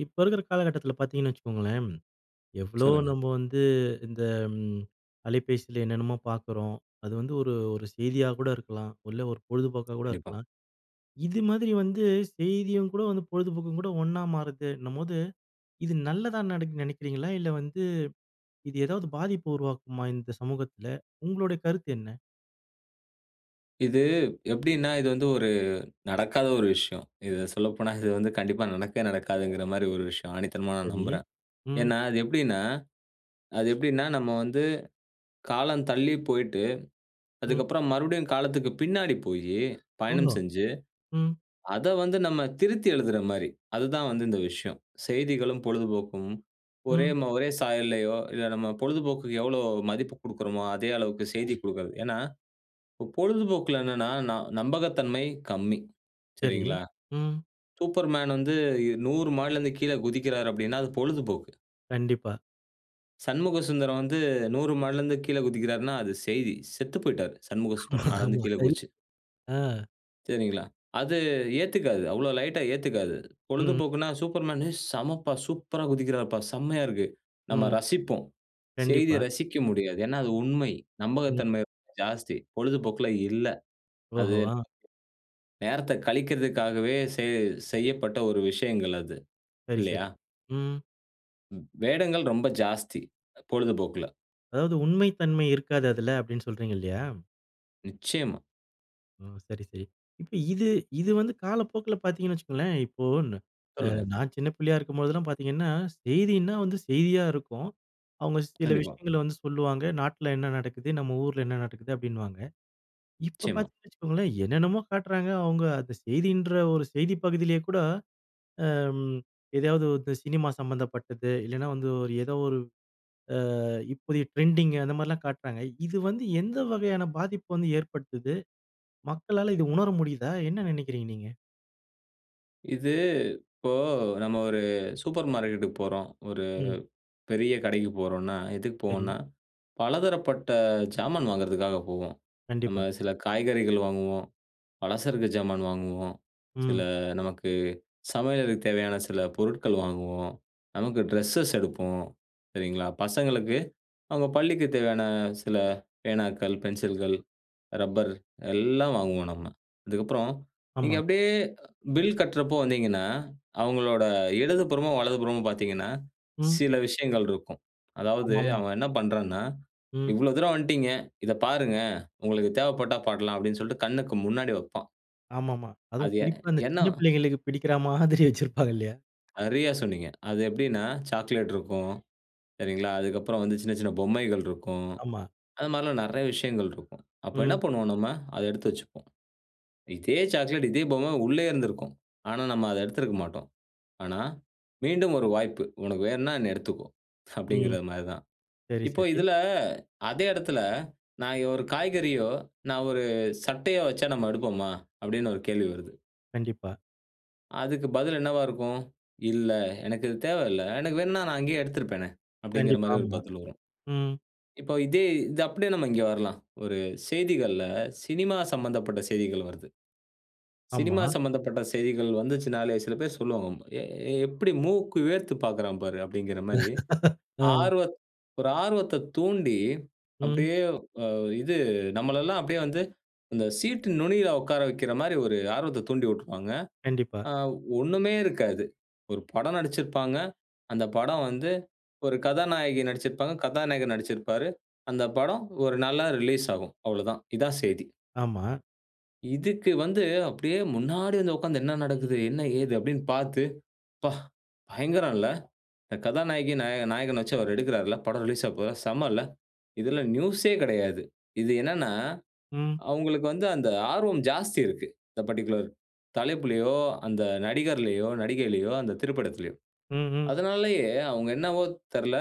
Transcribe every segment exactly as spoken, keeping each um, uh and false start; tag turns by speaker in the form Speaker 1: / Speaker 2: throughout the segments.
Speaker 1: இப்ப இருக்கிற காலகட்டத்தில பாத்தீங்கன்னு வச்சுக்கோங்களேன், எவ்ளோ
Speaker 2: சொல்லுங்க.
Speaker 1: நம்ம வந்து இந்த ம் அலைபேசில என்னென்னமோ பாக்குறோம். அது வந்து ஒரு, ஒரு செய்தியா கூட இருக்கலாம். இல்ல ஒரு பொழுதுபோக்காக கூட
Speaker 2: கண்டிப்பா.
Speaker 1: இருக்கலாம். இது மாதிரி வந்து செய்தியும் கூட வந்து பொழுதுபோக்கும் கூட ஒன்னா மாறுதுன்னபோது. இது நல்லதா நடக்குன்னு நெனைக்கிறீங்களா, இல்ல வந்து இது ஏதாவது பாதிப்பு உருவாக்குமா இந்த சமூகத்துல, உங்களுடைய கருத்து என்ன?
Speaker 2: இது எப்டின்னா இது வந்து ஒரு நடக்காத ஒரு விஷயம். இத சொல்லப்போனா இது வந்து கண்டிப்பா நடக்கவே நடக்காதுங்குற மாரி ஒரு விஷயம். ஆணித்தனமா நான்
Speaker 1: சரி.
Speaker 2: நம்புறேன்.
Speaker 1: ம்.
Speaker 2: ஏன்னா அது எப்டின்னா. அது எப்டின்னா, நம்ம வந்து, காலம் தள்ளி போயிட்டு.
Speaker 1: ம்.
Speaker 2: அதுக்கப்புறம் மறுபடியும் காலத்துக்கு பின்னாடி போயி.
Speaker 1: ஓ!
Speaker 2: பயணம் செஞ்சு.
Speaker 1: ம்.
Speaker 2: அத வந்து நம்ம திருத்தி எழுதுற மாரி. அதுதான் வந்து இந்த விஷயம். செய்திகளும், பொழுதுபோக்கும், ஒரே
Speaker 1: ம்.
Speaker 2: ம ஒரே சாயல்லயோ, இல்ல நம்ம பொழுதுபோக்குக்கு எவ்ளோ மதிப்பு கொடுக்கிறோமோ, அதே அளவுக்கு செய்தி கொடுக்கிறது. ஏன்னா, பொழுதுபோக்குல என்னன்னா, ந நம்பகத்தன்மை கம்மி.
Speaker 1: சரி.
Speaker 2: சரிங்களா?
Speaker 1: ம்.
Speaker 2: சூப்பர்மேன் வந்து இ நூறு மாடில இருந்து கீழ குதிக்கிறார்னா, அப்படின்னா அது பொழுதுபோக்கு.
Speaker 1: கண்டிப்பா.
Speaker 2: "சண்முகசுந்தரம் வந்து நூறு மாடில இருந்து கீழ குதிக்கிறார்ன்னா" அது செய்தி. "செத்து போய்யிட்டாரு.
Speaker 1: ஆமா,
Speaker 2: சண்முகசுந்தரம், மேல இருந்து
Speaker 1: ஆமா,
Speaker 2: கீழ
Speaker 1: சரி,
Speaker 2: குதிச்சு."
Speaker 1: அ.
Speaker 2: சரிங்களா? அது ஏத்துக்காது அவ்ளோ லைட்டா ஏத்துக்காது.
Speaker 1: ம்.
Speaker 2: பொழுதுபோக்குன்னா Superman "ஏ செமப்பா! சூப்பரா குதிக்கிறார்ப்பா, செம்மையா இருக்கு!" நம்ம
Speaker 1: ம்.
Speaker 2: ரசிப்போம். செய்திய
Speaker 1: கண்டிப்பா.
Speaker 2: ரசிக்க முடியாது. ஏன்னா அது உண்மை!
Speaker 1: ம்.
Speaker 2: நம்பகத்தன்மை ரொம்ப ஜாஸ்தி. பொழுதுபோக்குல இல்ல. அது
Speaker 1: ஓஹோ. அ.
Speaker 2: நேரத்த கழிக்கறதுக்காகவே செ செய்யப்பட்ட ஒரு விஷயங்கள் அது.
Speaker 1: சரி சரி.
Speaker 2: இல்லயா?
Speaker 1: ம்.
Speaker 2: ம், வேடங்கள் ரொம்ப ஜாஸ்தி! பொழுதுபோக்குல.
Speaker 1: அதாவது உண்மை தன்மை இருக்காது அதுல, அப்படின்னு சொல்றீங்க இல்லயா?
Speaker 2: நிச்சயமா!
Speaker 1: ஓ. சரி, சரி. இப்ப இது இது வந்து காலப்போக்குல பார்த்தீங்கன்னு வச்சுக்கோங்களேன். இப்போ ந அ
Speaker 2: சொல்லுங்க.
Speaker 1: நான் சின்ன பிள்ளையா இருக்கும்போதெல்லாம் பார்த்தீங்கன்னா, செய்தினா வந்து செய்தியா இருக்கும். அவங்க சில
Speaker 2: கண்டிப்பா.
Speaker 1: விஷயங்கள வந்து சொல்லுவாங்க. நாட்டுல என்ன நடக்குது? நம்ம ஊருல என்ன நடக்குது? அப்டின்னுவாங்க. இப்ப
Speaker 2: நிச்சயமா.
Speaker 1: பார்த்தீங்கன்னு வச்சுக்கோங்களேன், என்னென்னமோ காட்டுறாங்க, அவங்க அந்த செய்தின்ற ஒரு செய்தி பகுதியிலே கூட அம் எதையாவது வந்து சினிமா சம்மந்தப்பட்டது. இல்லனா வந்து ஒரு ஏதோ ஒரு அ இப்போதைய ட்ரெண்டிங் அந்த மாரிலாம் காட்டுறாங்க. இது வந்து எந்த வகையான பாதிப்பு வந்து ஏற்படுத்துது? மக்களால இது உணர முடியுதா? என்ன நினைக்கிறீங்க நீங்க?
Speaker 2: இது, இப்போ நம்ம ஒரு சூப்பர் மார்க்கெட்டுக்கு போறோம். ஒரு
Speaker 1: ம்.
Speaker 2: பெரிய கடைக்கு போறோன்னா, எதுக்கு
Speaker 1: சரி.
Speaker 2: போவோம்னா? பலதரப்பட்ட ஜாமான் வாங்குறதுக்காக போவோம். நம்ம
Speaker 1: கண்டிப்பா.
Speaker 2: சில காய்கறிகள் வாங்குவோம். பலசரக்கு ஜாமான் வாங்குவோம். சில
Speaker 1: ம்.
Speaker 2: நமக்கு சமையலுக்கு தேவையான சில பொருட்கள் வாங்குவோம். நமக்கு ட்ரெஸ்ஸஸ் எடுப்போம். சரிங்களா, பசங்களுக்கு, அவங்க பள்ளிக்குத் தேவையான சில பேனாக்கள், பென்சில்கள், ரப்பர் எல்லாம் வாங்குவோம், நம்ம. அதற்கப்றம் நீங்க
Speaker 1: ஆமா.
Speaker 2: அப்டியே பில் கட்டுறப்ப வந்தீங்கன்னா, அவங்களோட இடது புறமும், வலது புறமும் பார்த்தீங்கன்னா,
Speaker 1: ம்.
Speaker 2: சில விஷயங்கள் இருக்கும். அதாவது
Speaker 1: ஆமாமா.
Speaker 2: அவன் என்ன பண்ணுறான்னா,
Speaker 1: ம்.
Speaker 2: "இவ்ளோ தூரம் வந்துட்டீங்க. இத பாருங்க, உங்களுக்கு தேவைப்பட்டா பாக்கலாம்." அப்டின்னு சொல்ட்டு கண்ணுக்கு முன்னாடி வைப்பான்.
Speaker 1: ஆமாமா. அதுவும்
Speaker 2: அது எ
Speaker 1: குறிப்பா அந்த
Speaker 2: என்ன?
Speaker 1: சின்ன பிள்ளைகளுக்கு பிடிக்கிற மாதிரி வச்சிருப்பாங்க, இல்லையா?
Speaker 2: சரியா சொன்னீங்க! அது எப்டின்னா, சாக்லேட் இருக்கும். சரிங்களா? அதற்கப்பறம் வந்து, சின்ன சின்ன பொம்மைகள் இருக்கும்.
Speaker 1: ஆமா.
Speaker 2: அத மாரில்லாம் நிறைய விஷயங்கள் இருக்கும். அப்ப என்ன
Speaker 1: ம்.
Speaker 2: பண்ணுவோம் நாம. அத எடுத்து வைச்சிக்குவோம். இதே சாக்லேட், இதே பொம்மை உள்ளயே இருந்திருக்கும். ஆனா நம்ம அத எடுத்திருக்க மாட்டோம். ஆனா "மீண்டும் ஒரு வாய்ப்பு. உனக்கு வேணும்னா, என்ன எடுத்துக்கோ"
Speaker 1: ம்.
Speaker 2: அப்டின்கிறது மாரி தான்.
Speaker 1: சரி,
Speaker 2: இப்ப,
Speaker 1: சரி.
Speaker 2: இதில, அதே இடத்துல நான் ஒரு காய்கறியோ, நான் ஒரு சட்டையோ வைச்சா நம்ம எடுப்போமா? அப்டின்னு ஒரு கேள்வி வருது.
Speaker 1: கண்டிப்பா.
Speaker 2: அதுக்கு பதில் என்னவா இருக்கும்? "இல்ல, எனக்கு இது தேவையில்ல. எனக்கு வேணும்னா நான் அங்கேயே எடுத்திருப்பேனே" அப்படிங்கிற
Speaker 1: கண்டிப்பா.
Speaker 2: மாதிரி ஒரு
Speaker 1: ஆமா.
Speaker 2: பதில் வரும்.
Speaker 1: ம்.
Speaker 2: இப்ப இதே இது அப்படியே நம்ம இங்கே வரலாம். ஒரு செய்திகள்ல சினிமா சம்பந்தப்பட்ட செய்திகள் வருது. சினிமா
Speaker 1: ஆமா.
Speaker 2: சம்மந்தப்பட்ட செய்திகள் வந்துச்சுன்னாலே சில பேரு சொல்லுவாங்க, "எ எப்படி மூக்கு வேர்த்து பாக்குறான் பாரு." அப்படிங்கிற மாரி
Speaker 1: ம்.
Speaker 2: ஆர்வத் ஒரு ஆர்வத்த தூண்டி
Speaker 1: ம்.
Speaker 2: அப்படியே அ இது நம்மளல்லாம் அப்படியே வந்து அந்த சீட் நுனியில உட்கார வைக்கிற மாதிரி ஒரு ஆர்வத்த தூண்டி விட்ருவாங்க.
Speaker 1: கண்டிப்பா.
Speaker 2: அ ஒண்ணுமே இருக்காது. ஒரு படம் நடிச்சுருப்பாங்க. அந்த படம் வந்து ஒரு கதாநாயகி நடிச்சுருப்பாங்க, கதாநாயகர் நடிச்சிருப்பாரு. அந்த படம் ஒரு நாள்ல ரிலீஸ் ஆகும் அவ்வளவுதான். இதான் செய்தி.
Speaker 1: ஆமா.
Speaker 2: இதுக்கு வந்து அப்படியே முன்னாடி வந்து உட்கார்ந்து, "என்ன நடக்குது? என்ன, ஏது?" அப்படீன்னு பாத்து, "அப்பா, பயங்கரல்ல! இந்த கதாநாயகி நாய நாயகன வச்சு அவர் எடுக்குறார்ல படம் ரிலீஸ் ஆவபோவுதா? செம்ம இல்ல." இதுல நியூசே கெடையாது. இது என்னன்னா,
Speaker 1: ம்.
Speaker 2: அவங்களுக்கு வந்து அந்த ஆர்வம் ஜாஸ்தி இருக்கு இந்த பர்ட்டிகுலர் தலைப்பிலயோ, அந்த நடிகர்லையோ, நடிகைலையோ, அந்த திரைப்படத்திலையோ.
Speaker 1: ம், ம்.
Speaker 2: அதனாலேயே அவங்க என்னவோ தெர்ல,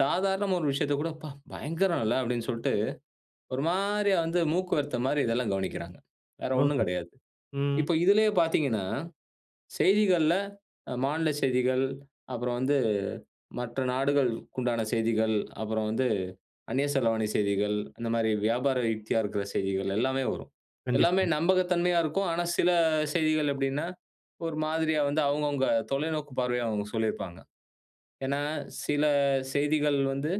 Speaker 2: சாதாரணமா ஒரு விஷயத்த கூட, "அப்பா! பயங்கரல்ல." அப்படீன்னு சொல்லிட்டு ஒரு மாரியா வந்து மூக்குவேர்த்த மாரி இதெல்லாம் கவனிக்கிறாங்க. வேறு ஒண்ணும்
Speaker 1: ஓஹோ!
Speaker 2: கெடையாது.
Speaker 1: ம்.
Speaker 2: இப்ப இதுலயே பாத்தீங்கன்னா, செய்திகள்ல மாநில செய்திகள், அப்புறம் வந்து மற்ற நாடுகளுக்குண்டான செய்திகள், அப்புறம் வந்து அந்நிய செலவாணி செய்திகள், இந்த மாரி வியாபார யுக்தியா இருக்கிற செய்திகள் எல்லாமே வரும்.
Speaker 1: கண்டிப்பா.
Speaker 2: எல்லாமே நம்பகத்தன்மையா இருக்கும். ஆனா சில செய்திகள் எப்படின்னா ஒரு மாதிரியா வந்து அவுங்க, அவுங்க தொலைநோக்கு பார்வையா அவங்க சொல்லியிருப்பாங்க. ஏன்னா சில செய்திகள் வந்து,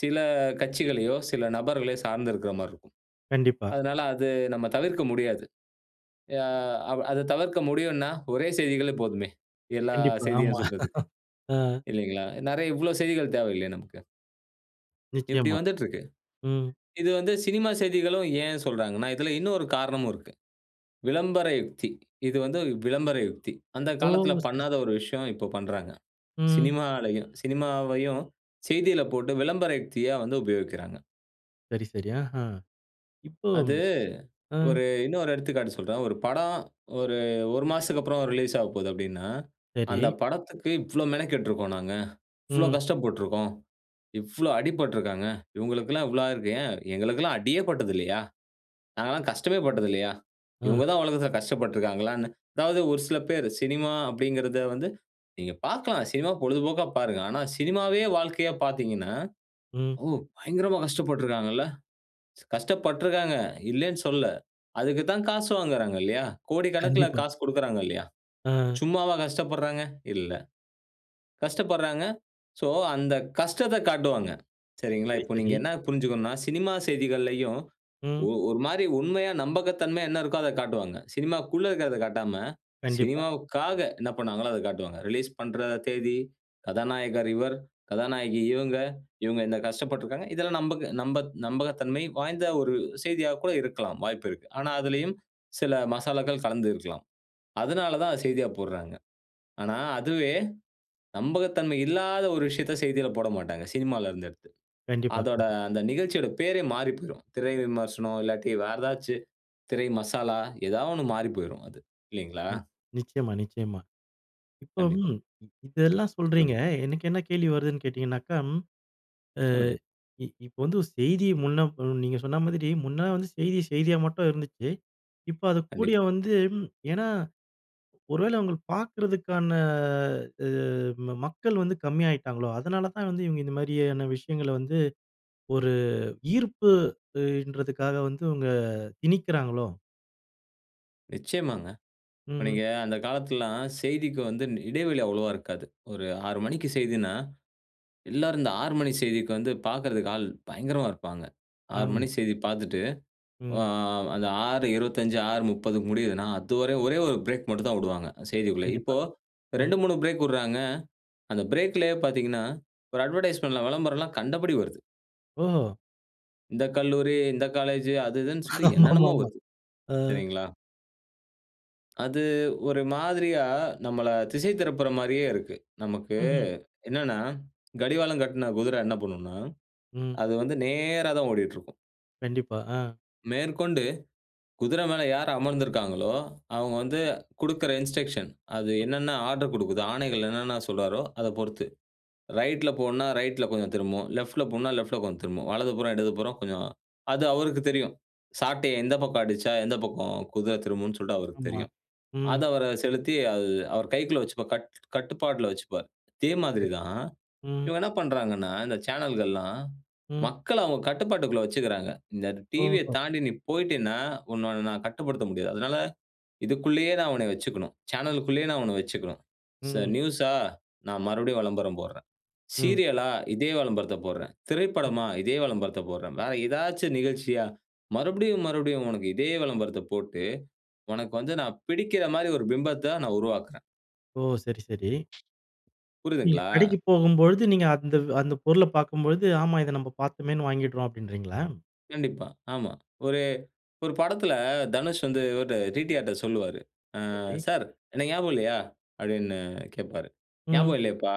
Speaker 2: சில கட்சிகளையோ சில நபர்களையோ சார்ந்து இருக்கிற மாரி இருக்கும்.
Speaker 1: கண்டிப்பா.
Speaker 2: அதனால அது நம்ம தவிர்க்க முடியாது. அ அவ் அத தவிர்க்க முடியுன்னா ஒரே செய்திகளே போதுமே. எல்லா
Speaker 1: கண்டிப்பா.
Speaker 2: செய்தியும்
Speaker 1: ஆமா.
Speaker 2: சொல்றதுக்கு.
Speaker 1: ம்.
Speaker 2: இல்லைங்களா? நெறைய இவ்வளோ செய்திகள் தேவையில்லையே நமக்கு. இப்படி
Speaker 1: நிச்சயமா,
Speaker 2: வந்துட்டுருக்கு.
Speaker 1: ம்.
Speaker 2: இது வந்து சினிமா செய்திகளும் ஏன் சொல்றாங்கன்னா, இதுல இன்னொரு காரணமும் இருக்கு. "விளம்பர யுக்தி!" இது வந்து விளம்பர யுக்தி. அந்த
Speaker 1: ஓ!
Speaker 2: காலத்துல
Speaker 1: சரி,
Speaker 2: பண்ணாத
Speaker 1: சரி.
Speaker 2: ஒரு விஷயம். இப்போ பண்றாங்க.
Speaker 1: ம்.
Speaker 2: சினிமாலயும் சினிமாவையும் செய்தில போட்டு விளம்பர யுக்தியா வந்து உபயோகிக்கிறாங்க.
Speaker 1: சரி, சரி. ஆஹ. இப்போ
Speaker 2: அது,
Speaker 1: அ.
Speaker 2: ஒரு இன்னொரு எடுத்துக்காட்டு சொல்றேன். ஒரு படம் ஒரு, ஒரு மாசத்துக்கு அப்புறம் ரிலீஸ் ஆகப்போது அப்படின்னா, அந்த
Speaker 1: சரி.
Speaker 2: படத்துக்கு "இவ்ளோ மெனக்கெட்டுருக்கோம் நாங்க. இவ்ளோ
Speaker 1: ம்.
Speaker 2: கஷ்டப்பட்டுருக்கோம். இவ்ளோ அடிபட்டுருக்காங்க. இவங்களுக்கெல்லாம் இவ்ளோ ஆயிருக்கு." ஏன் எங்களுக்கெல்லாம் அடியே பட்டதுல்லையா? நாங்க எல்லா கஷ்டமே பட்டதுல்லையா?
Speaker 1: அ.
Speaker 2: இவங்க தான் உலகத்துல கஷ்டப்பட்டுருக்கிறாங்களான்னு. அதாவது ஒரு சில பேர், சினிமா அப்படிங்கிறத வந்து நீங்க பார்க்கலாம். சினிமா, பொழுதுபோக்கா பாருங்க. ஆனா, சினிமாவே வாழ்க்கைய பார்த்தீங்கன்னா,
Speaker 1: ம்.
Speaker 2: "ஓ! பயங்கரமா கஷ்டப்பட்டுருக்காங்கல்ல." கஷ்டப்பட்டுருக்காங்க, இல்லன்னு சொல்லல. அதக்கு தான் காசு வாங்குறாங்க இல்லையா, கோடிக்கணக்குல
Speaker 1: கண்டிப்பா.
Speaker 2: காசு கொடுக்குறாங்க இல்லையா,
Speaker 1: அ.
Speaker 2: சும்மாவா கஷ்டப்படுறாங்க? இல்ல. கஷ்டப்படுறாங்க. சோ அந்த கஷ்டத்த காட்டுவாங்க. சரிங்களா,
Speaker 1: சரி,
Speaker 2: இப்ப நீங்க
Speaker 1: சரி.
Speaker 2: என்ன புரிஞ்சுக்கணுனா சினிமா செய்திகள்லையும் ஒ
Speaker 1: ம்.
Speaker 2: ஒரு மாதிரி உண்மையா, நம்பகத்தன்மையா என்ன இருக்கோ அத காட்டுவாங்க. சினிமாக்குள்ள இருக்கிறத காட்டாம,
Speaker 1: கண்டிப்பா.
Speaker 2: சினிமாவுக்காக என்ன பண்ணாங்களோ அத காட்டுவாங்க. ரிலீஸ் பண்ற தேதி, கதாநாயகர் இவர், கதாநாயகி இவங்க, இவங்க இந்த கஷ்டப்பட்டுருக்காங்க. இதெல்லாம் நம்பக நம்ப நம்பகத்தன்மை வாய்ந்த ஒரு செய்தியா கூட இருக்கலாம், வாய்ப்பு இருக்கு. ஆனா அதுலயும் சில மசாலாக்கள் கலந்து இருக்கலாம். அதனாலதான் அத செய்தியா போட்றாங்க. ஆனா, அதுவே. நம்பகத்தன்மை இல்லாத ஒரு விஷயத்த செய்தில போடமாட்டாங்க. சினிமால இருந்து எடுத்து.
Speaker 1: கண்டிப்பா.
Speaker 2: அதோட
Speaker 1: கண்டிப்
Speaker 2: அந்த நிகழ்ச்சியோட பேரே மாறிப்போய்ரும். திரை விமர்சனம் இல்லாட்டி வேற ஏதாச்சு திரை மசாலா ஏதா ஒன்னு மாறிப்போய்ரும் அது. இல்லீங்களா?
Speaker 1: நி நிச்சயமா, நிச்சயமா! இப்போ
Speaker 2: கண்டிப்பா.
Speaker 1: ம் இதெல்லாம் சொல்றீங்க,
Speaker 2: சொல்லுங்க.
Speaker 1: எனக்கு என்ன கேள்வி வருதுன்னு கேட்டீங்கனாக்கா, அ
Speaker 2: சொல்லுங்க.
Speaker 1: இ இப்ப வந்து செய்தி முன்ன பொ நீங்க சொன்ன மாதிரி, முன்ன வந்து செய்தி செய்தியா மட்டும் இருந்துச்சு! இப்ப அது கூடிய
Speaker 2: கண்டிப்பா.
Speaker 1: வந்து ஏன்னா ஒரு வேள அவங்கள பார்க்கறதுக்கான அ ம மக்கள் வந்து கம்மியாகிட்டாங்களோ? அதனால தான் வந்து இவங்க இந்த மாதிரியான விஷயங்கள வந்து ஒரு ஈர்ப்பு அ இன்றதுக்காக வந்து இவங்க திணிக்கிறாங்களோ?
Speaker 2: நிச்சயமாங்க. இப்ப
Speaker 1: ம்ஹ்ம்.
Speaker 2: நீங்க அந்த காலத்ல்லாம் செய்திக்கு வந்து இடைவெளி அவ்வளவா இருக்காது. ஒரு ஆறு மணிக்கு செய்தின்னா எல்லோருந்த ஆறு மணி செய்திக்கு வந்து பாக்குறதுக்கு ஆள் பயங்கரமா இருப்பாங்க. ஆறு
Speaker 1: ஆமா.
Speaker 2: மணி செய்தி பார்த்துட்டு, ஆ
Speaker 1: ம்.
Speaker 2: அந்த ஆறு இருபத்தஞ்சு ஆறு முப்பதுக்கு முடியுதுன்னா, அதுவர ஒரே ஒரு பிரேக் மட்டும் தான் விடுவாங்க, செய்திக்குள்ள. இப்ப
Speaker 1: கண்டிப்பா, ம்.
Speaker 2: ரெண்டு மூணு பிரேக் விட்றாங்க. அந்த பிரேக்‌லயே பாத்தீங்கன்னா, ஒரு அட்வர்டைஸ்மென்ட்லாம், விளம்பரம்லாம் கண்டபடி வருது.
Speaker 1: ஓஹோ!
Speaker 2: இந்த கல்லூரி, இந்த காலேஜு, அது இதுன்னு சொல்லி என்னன்னமோ
Speaker 1: ஆமாமாமா.
Speaker 2: வருது.
Speaker 1: ஆ.
Speaker 2: சரிங்களா? அது, ஒரு மாதிரியா, நம்மள திசை திருப்புற மாரியே இருக்கு. நமக்கு
Speaker 1: ம்ஹ்ம்.
Speaker 2: என்னானா, கடிவாளம் கட்ன குதிர என்ன பண்ணும்னா,
Speaker 1: ம்.
Speaker 2: அது வந்து நேரா தான் ஓடிட்டிருக்கும்.
Speaker 1: கண்டிப்பா, ஆ.
Speaker 2: மேற்கொண்டு, குதிர மேல யார் அமர்ந்திருக்காங்களோ, அவுங்க வந்து குடுக்கிற இன்ஸ்ட்ரக்ஷன். அது
Speaker 1: ம்.
Speaker 2: என்னென்ன ஆர்டர் குடுக்குதோ, ஆணைகள் என்னென்ன சொல்றாரோ, அத பொறுத்து. ரைட்ல போன்னா ரைட்ல போவும், திரும்பும். லெஃப்ட்ல போன்னா, லெஃப்ட்ல கொஞ்சம் திரும்பும். வலதுபுறம், இடதுபுறம் கொஞ்சம். அது அவருக்கு தெரியும். சாட்டைய எந்த பக்கம் அடிச்சா, எந்த பக்கம் குதிர திரும்பும்ன்னு சொல்ட்டு அவருக்கு
Speaker 1: ஆமா,
Speaker 2: தெரியும். அத
Speaker 1: ம்.
Speaker 2: அவரு செலுத்தி அது அவர் கைக்குள்ள வச்சுப்பார். கட் கட்டுப்பாட்ல வைச்சுப்பார். இதே மாதிரி
Speaker 1: சரி.
Speaker 2: தான்.
Speaker 1: ம்.
Speaker 2: இவங்க என்ன பண்றாங்கன்னா, இந்த சேனல்கள்லாம்
Speaker 1: ம்.
Speaker 2: மக்கள அவுங்க கட்டுப்பாட்டுக்குள்ள வைச்சிக்குறாங்க. இந்த டிவிய
Speaker 1: ஓஹோ!
Speaker 2: தாண்டி, நீ போய்ட்டேன்னா உன்ன, நான் கட்டுப்படுத்த முடியாது. அதனால இதுக்குள்ளயே, நான் உன்ன வச்சிக்கணும். சேனலுக்குள்ளயே, நான் உன்ன வைச்சுக்கணும். ச
Speaker 1: ம்.
Speaker 2: நியூஸ்‌ஸா நான் மறுபடியும் விளம்பரம் போடுறேன்.
Speaker 1: ம்.
Speaker 2: சீரியலா இதே விளம்பரத்தைப் போடுறேன்.
Speaker 1: ம்
Speaker 2: திரைப்படமா, இதே விளம்பரத்தைப் போடுறேன். வேற ஏதாச்சும் நிகழ்ச்சியா, மறுபடியும், மறுபடியும். உனக்கு இதே விளம்பரத்த போட்டு, உனக்கு வந்து நான் பிடிக்கிற மாதிரி ஒரு பிம்பத்த நான் உருவாக்குறேன்.
Speaker 1: ஓ! சரி, சரி. நீங்க
Speaker 2: புரியுதுங்களா?
Speaker 1: கடைக்கு போகும்பொழுது நீங்க அந்த அந்த பொருள பார்க்கும்பொழுது, "ஆமா இத நம்ப பார்த்தோமேனு வாங்கிடுறோம்," அப்படின்றீங்களா?
Speaker 2: கண்டிப்பா ஆமா. ஒரு ஒரு படத்தில தனுஷ் வந்து ஒரு டி.டி.ஆர்.ட்ட சொல்லுவாரு. "ஆ
Speaker 1: சரி.
Speaker 2: சார் என்ன ஞாபகம் இல்லையா?" அப்படின்னு கேப்பாரு.
Speaker 1: ம்.
Speaker 2: "ஞாபகம் இல்லையேப்பா."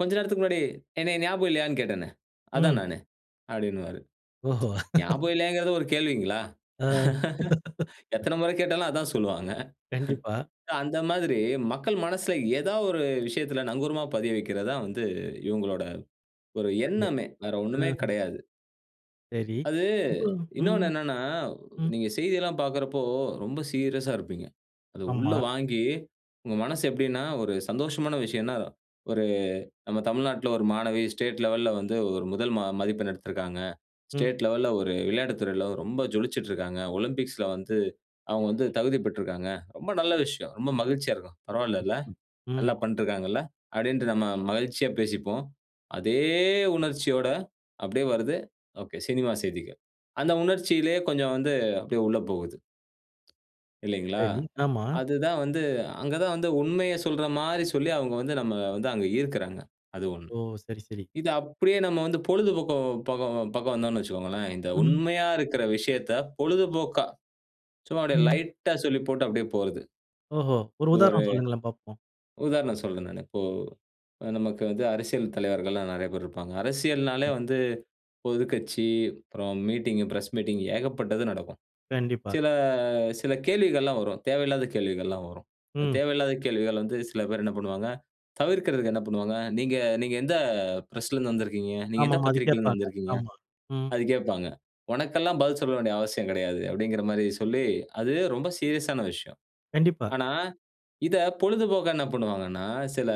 Speaker 2: "கொஞ்ச நேரத்துக்கு முன்னாடி என்ன ஞாபகம் இல்லையானு கேட்டேனே? அதான்
Speaker 1: ம்.
Speaker 2: நானு." அப்படின்வாரு.
Speaker 1: ஓஹோ!
Speaker 2: ஞாபகம் இல்லையாங்கறது ஒரு கேள்விங்களா?
Speaker 1: ஆ.
Speaker 2: எத்தன முற கேட்டாலும் அதான் சொல்வாங்க.
Speaker 1: கண்டிப்பா.
Speaker 2: அந்த மாதிரி மக்கள் மனசுல ஏதாவது ஒரு விஷயத்தில நங்கூரமா பதிய வைக்கிறது தான் வந்து இவங்களோட ஒரு
Speaker 1: சரி.
Speaker 2: எண்ணமே. வேற ஒண்ணுமே
Speaker 1: ம்ஹ்ம்.
Speaker 2: கெடையாது.
Speaker 1: சரி.
Speaker 2: அது,
Speaker 1: இப்போ
Speaker 2: இன்னொன்னு
Speaker 1: ம்.
Speaker 2: என்னன்னா,
Speaker 1: ம்.
Speaker 2: நீங்க செய்தில்லாம் பார்க்கறப்போ ரொம்ப சீரியஸ்‌ஸா இருப்பீங்க. அத உள்ள
Speaker 1: ஆமா.
Speaker 2: வாங்கி, உங்க மனசு எப்படின்னா ஒரு சந்தோஷமான விஷயம்னா "ஒரு நம்ம தமிழ்நாட்டில ஒரு மாணவி ஸ்டேட் லெவல்‌ல வந்து ஒரு முதல் ம மதிப்பெண் எடுத்திருக்காங்க.
Speaker 1: ம்.
Speaker 2: ஸ்டேட் லெவல்‌ல ஒரு விளையாட்டு துறையில ரொம்ப ஜொலிச்சுட்டு இருக்காங்க. ஒலிம்பிக்ஸ்‌ல வந்து அவங்க வந்து தகுதி பெற்றிருக்காங்க." ரொம்ப நல்ல விஷயம். ரொம்ப மகிழ்ச்சியா இருக்கும். பரவாயில்லல.
Speaker 1: ம்.
Speaker 2: நல்லா பண்ட்ருக்காங்கல்ல. அப்படின்டு நம்ம மகிழ்ச்சியா பேசிப்போம். அதே உணர்ச்சியோட அப்படியே வருது. சினிமா செய்திகள். அந்த உணர்ச்சியிலேயே கொஞ்சம் வந்து அப்படியே உள்ள போகுது. இல்லைங்களா?
Speaker 1: சரி, ஆமா.
Speaker 2: அதுதான் வந்து அங்க தான் வந்து, உண்மைய சொல்றா மாரி சொல்லி அவங்க வந்து நம்மள வந்து அங்க ஈர்க்குறாங்க. அது ஒண்ணு.
Speaker 1: ஓ! சரி, சரி.
Speaker 2: இது அப்படியே நம்ம வந்து பொழுதுபோக்கோம் பக்கம் பக்கம் வந்தோம் வைச்சுக்கொங்களேன், இந்த
Speaker 1: ம்.
Speaker 2: உண்மையா இருக்குற விஷயத்த பொழுதுபோக்கா, சும்மா அப்படியே
Speaker 1: ம்.
Speaker 2: லைட்‌டா சொல்லி போட்டு அப்படியே போறது.
Speaker 1: ஓஹோ! ஒரு
Speaker 2: இது ஒரு
Speaker 1: உதாரணம் சொல்லுங்களேன் பாப்போம்.
Speaker 2: உதாரணம் சொல்றேன் நானு. இப்போ நமக்கு வந்து அரசியல் தலைவர்கள்லாம் நிறைய பேர் இருப்பாங்க. அரசியல்னாலே
Speaker 1: கண்டிப்பா.
Speaker 2: வந்து பொதுக்கட்சி, அப்புறம் மீட்டிங், பிரஸ் மீட்டிங் ஏகப்பட்டது நடக்கும்.
Speaker 1: கண்டிப்பா.
Speaker 2: சில சில கேள்விகள்லாம் வரும். தேவையில்லாத கேள்விகள்லாம் வரும்.
Speaker 1: ம்.
Speaker 2: தேவையில்லாத கேள்விகள் வந்து சில பேர் என்ன பண்ணுவாங்க? தவிர்க்கிறதுக்கு என்ன பண்ணுவாங்க, "நீங்க நீங்க எந்த பிரஸ்லேருந்து வந்திருக்கிங்க? நீங்க
Speaker 1: ஆமா.
Speaker 2: எந்த
Speaker 1: அது
Speaker 2: பத்திரிக்கையிலேந்து
Speaker 1: கேப்பாங்க
Speaker 2: வந்திருக்கீங்க?
Speaker 1: ஆமா ம்.
Speaker 2: அது கேப்பாங்க. உனக்கெல்லாம் பதில் சொல்ல வேண்டிய அவசியம் கிடையாது." அப்படிங்கற மாரி சொல்லி, அதுவெ ரொம்ப சீரியஸான விஷயம்.
Speaker 1: கண்டிப்பா.
Speaker 2: ஆனா இத பொழுதுபோக்கா என்ன பண்ணுவாங்கனா, சில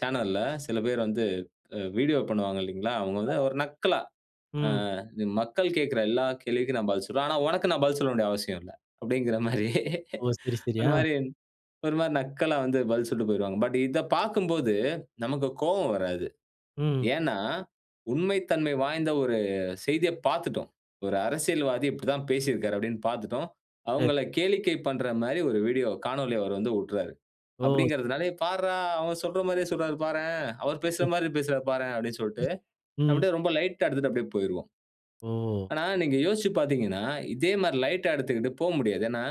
Speaker 2: சேனல்‌ல சில பேரு வந்து வீடியோ பண்ணுவாங்க இல்லைங்களா? அவங்க வந்து
Speaker 1: ஆமாமா
Speaker 2: ஒரு நக்கலா, "ஆ
Speaker 1: ம்.
Speaker 2: மக்கள் கேட்கிற எல்லா கேள்விக்கும் நான் பதில் சொல்லுவேன். ஆனா உனக்கு நான் பதில் சொல்ல வேண்டிய அவசியம் இல்ல." அப்படின்கிற மாரி
Speaker 1: ஓ. சரி, சரி.
Speaker 2: ஒரு
Speaker 1: அ.
Speaker 2: மாரி ஒரு மாரி நக்கலா வந்து பதில் சொல்லிட்டு போயிறுவாங்க. பட் இதப் பார்க்கும்போது நமக்கு கோவம் வராது.
Speaker 1: ம்.
Speaker 2: ஏன்னா உண்மைத்தன்மை வாய்ந்த ஒரு செய்தியப் பாத்துட்டோம். ஒரு அரசியல்வாதி இப்படித்தான் பேசியிருக்காறு அப்படினு பாத்துட்டோம்.
Speaker 1: சரி.
Speaker 2: அவங்கள கேளிக்கை பண்ற மாரி ஒரு வீடியோ காணொளி அவர் வந்து உட்றாரு.
Speaker 1: ஓ, சரி.
Speaker 2: அப்படிங்கறதனால "பார்ரா! அவங்க சொல்ற மாரியே சொல்கிறாரு பாரேன். அவர் பேசுறா
Speaker 1: ம்.
Speaker 2: மாரி பேசுறார் பாரேன்." அப்படினு சொல்ட்டு
Speaker 1: ம்.
Speaker 2: அப்படியே ரொம்ப லைட்‌டா எடுத்துட்டு அப்படியே போய்ருவோம்.
Speaker 1: ஓ!
Speaker 2: ஆனா நீங்க யோசிச்சு பாத்தீங்கனா, இதே மாரி லைட்‌டா எடுத்துக்குட்டு போ முடியாது. ஏன்னா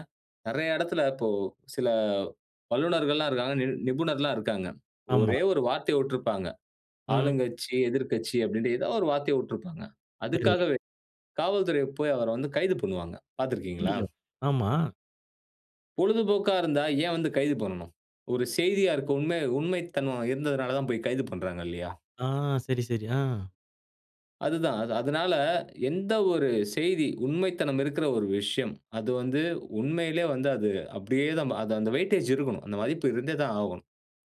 Speaker 2: நிறைய இடத்தில இப்போ சில வல்லுனர்கள்ல்லாம் இருக்காங்க, நி நிபுணர்கள்ல்லாம் இருக்காங்க.
Speaker 1: ஆமா.
Speaker 2: ஒரே ஒரு வார்த்தைய உட்டிருப்பாங்க.
Speaker 1: ம்.
Speaker 2: ஆளுங்கட்சி, எதிர்க்கட்சி அப்படின்டு ஏதாவது ஒரு வார்த்தைய உட்டிருப்பாங்க.
Speaker 1: சரி.
Speaker 2: அதுக்காகவே காவல்துறை போய் அவர வந்து கைது பண்ணுவாங்க. பாத்திருக்கிங்களா?
Speaker 1: ஐயயோ! ஆமா!
Speaker 2: பொழுதுபோக்கா இருந்தா ஏன் வந்து கைது பண்ணனும். ஒரு செய்தியா இருக்கும் உண்மை உண்மைத்தன்மை இருந்ததனால தான், போய் கைது பண்றாங்க இல்லையா?
Speaker 1: ஆ, சரி, சரி. ஆ.
Speaker 2: அதுதான். அது அதனால, எந்த ஒரு செய்தி உண்மைத்தனம் இருக்கிற ஒரு விஷயம். அது வந்து, உண்மையிலே வந்து அது அப்படியே தான். அது அந்த வெய்டேஜ் இருக்குணும். அந்த வாய்ப்பு இருந்தே தான் ஆகும்.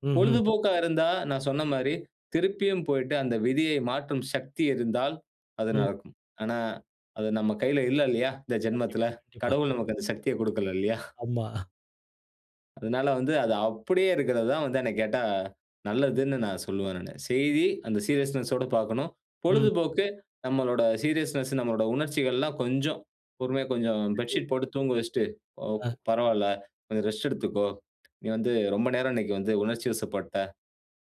Speaker 1: ம்ஹ்ம்.
Speaker 2: பொழுதுபோக்கா இருந்தா, நான் சொன்ன மாரி திருப்பியும் போய்ட்டு, அந்த விதியை மாற்றும் சக்தி இருந்தால், அது
Speaker 1: ம்.
Speaker 2: நடக்கும். ஆனா, அது நம்ம கையில இல்ல இல்லையா, இந்த
Speaker 1: கண்டிப்பா,
Speaker 2: ஜென்மத்தில.
Speaker 1: கண்டிப்பா.
Speaker 2: கடவுள் நமக்கு அந்த சக்திய குடுக்கல இல்லையா?
Speaker 1: ஆமா.
Speaker 2: அதனால வந்து அது அப்படியே இருக்கிறது தான் வந்து என்னை கேட்டா நல்லதுன்னு நான் சொல்லுவேன் நானு. செய்தி, அந்த சீரியஸ்னெஸ் ஓட பாக்கணும்.
Speaker 1: ம்.
Speaker 2: பொழுதுபோக்கு நம்மளோட சீரியஸ்னெஸ், நம்மளோட உணர்ச்சிகள், எல்லாம் கொஞ்சம் பொறுமையா கொஞ்சம்
Speaker 1: அய்யோ!
Speaker 2: பெட்ஷீட் போட்டு தூங்க வச்சிட்டு, "ஓப்
Speaker 1: ஹ.
Speaker 2: பரவால்ல, கொஞ்சம் ரெஸ்ட் எடுத்துக்கொ. நீ வந்து ரொம்ப நேரம் இன்னைக்கு வந்து உணர்ச்சிவசப்பட்ட"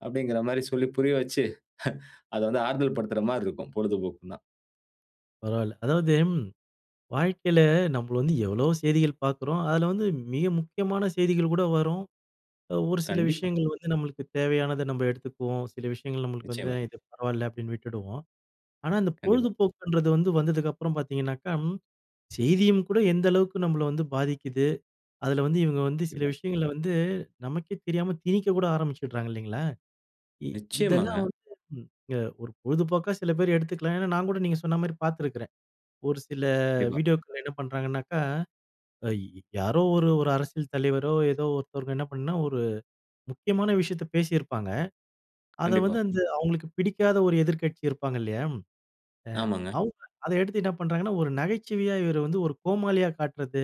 Speaker 2: அப்படிங்கற மாரி சொல்லி புரிய வச்சி, ஹ அதை வந்து ஆறுதல் படுத்துகிற மாதிரி இருக்கும் பொழுதுபோக்குன்னா.
Speaker 1: பரவால்ல. அதாவது வாழ்க்கையில, நம்மள வந்து எவ்வளோ செய்திகள் பார்க்குறோம். அதில வந்து மிக முக்கியமான செய்திகள் கூட வரும். அ ஒரு சில
Speaker 2: கண்டிப்பா.
Speaker 1: விஷயங்கள் வந்து நம்மளுக்கு தேவையான நம்ம எடுத்துக்குவோம். சில விஷயங்கள் நம்மளுக்கு வந்து
Speaker 2: நிச்சயமா.
Speaker 1: இது பரவால்ல அப்படின்னு விட்டுடுவோம். ஆனா, இந்த
Speaker 2: கண்டிப்பா.
Speaker 1: பொழுதுபோக்குன்றது வந்து, வந்ததுக்கப்புறம் பார்த்தீங்கனாக்கா, செய்தியும் கூட எந்த அளவுக்கு நம்பள வந்து பாதிக்குது. அதில வந்து, இவங்க வந்து, சில
Speaker 2: கண்டிப்பா.
Speaker 1: விஷயங்களை வந்து, நமக்கே தெரியாம திணிக்கக் கூட ஆரம்பிச்சிடுறாங்க இல்லைங்களா. இ இதெல்லாம்
Speaker 2: நிச்சயமாங்க.
Speaker 1: வந்து அ ஒரு பொழுதுபோக்கா சில பேர் எடுத்துக்கலாம். ஏன்னா நான் கூட நீங்க சொன்ன மாரி பார்த்துருக்கிறேன். ஒரு சில
Speaker 2: கண்டிப்பா.
Speaker 1: வீடியோக்கள்ல என்ன பண்ணுறாங்கனாக்கா, அய் யாரோ ஒரு ஒரு அரசியல் தலைவரோ, ஏதோ ஒருத்தவங்க என்ன பண்ணினா, ஒரு முக்கியமான விஷயத்த பேசியிருப்பாங்க. அத வந்து
Speaker 2: கண்டிப்பா.
Speaker 1: அந்த அவங்களுக்கு பிடிக்காத ஒரு எதிர்க்கட்சி இருப்பாங்க இல்லையா, அ
Speaker 2: ஆமாங்க.
Speaker 1: அவுங்க அதை எடுத்து என்ன பண்ணுறாங்கன்னா, ஒரு நகைச்சுவையா இவர வந்து ஒரு கோமாளியா காட்டுறது.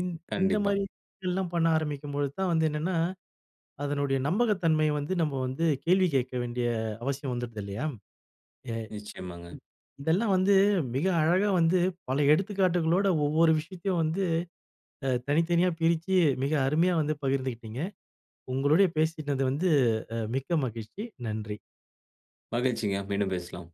Speaker 1: இந் இந்த
Speaker 2: கண்டிப்பா.
Speaker 1: மாதிரிலாம் பண்ண ஆரம்பிக்கும்போது தான் வந்து என்னென்னா, அதனுடைய நம்பகத்தன்மைய வந்து, நம்ம வந்து கேள்வி கேட்க வேண்டிய அவசியம் வந்துடுது இல்லையா. எ
Speaker 2: நிச்சயமாங்க.
Speaker 1: இதெல்லாம் வந்து மிக அழகா வந்து பல எடுத்துக்காட்டுகளோட, ஒவ்வொரு விஷயத்தையும் வந்து அ தனித்தனியா பிரிச்சு மிக அருமையா வந்து பகிர்ந்து கிட்டீங்க. உங்களுடைய பேசினது வந்து அ மிக்க மகிழ்ச்சி. நன்றி.
Speaker 2: மகிழ்ச்சிங்க. மீண்டும் பேசலாம்.